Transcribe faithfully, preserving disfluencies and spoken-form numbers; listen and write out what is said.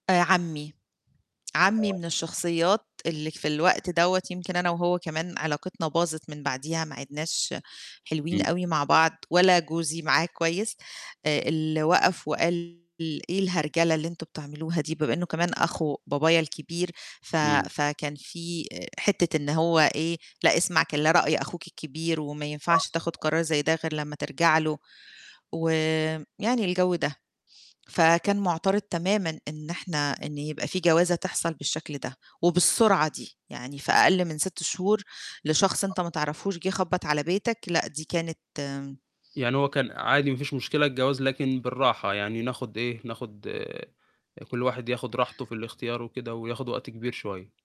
آآ، عَمي عَمي آه. من الشخصيات اللي في الوقت دَوّة يمكن أنا وهو كمان، علاقِتنا باظِت من بعديها ما عِدناش حلوين إمم. أوي مع بعض ولا، جوزي معاه كويس، آآ اللي وقف وقال: "إيه الهرجلة اللي أنتم بتعملوها دي؟" بما إنه كمان، أخو بابايا الكبير ف إمم. فكان في حِتة إن هو إيه "لأ، اسمع كلا رأي أخوك الكبير وما آه. ينفعش تاخد قرار زي ده، غير لمّا ترجع له" ويعني الجو ده. فكان مُعترض تمامًا إن إحنا إن يبقى في جوازة تحصل بالشكل ده وبالسرعة دي، يعني في أقل من سِت شهور لشخص أنت ما تِعرفهوش جِه خبَّط على بيتك، لأ، دي كانت يعني هو كان عادي ما فيش مشكلة الجواز، لكن بالراحة يعني ناخد إيه ناخد كُلّ واحد ياخد راحته في الاختيار وكده، وياخد وقت كبير شوية.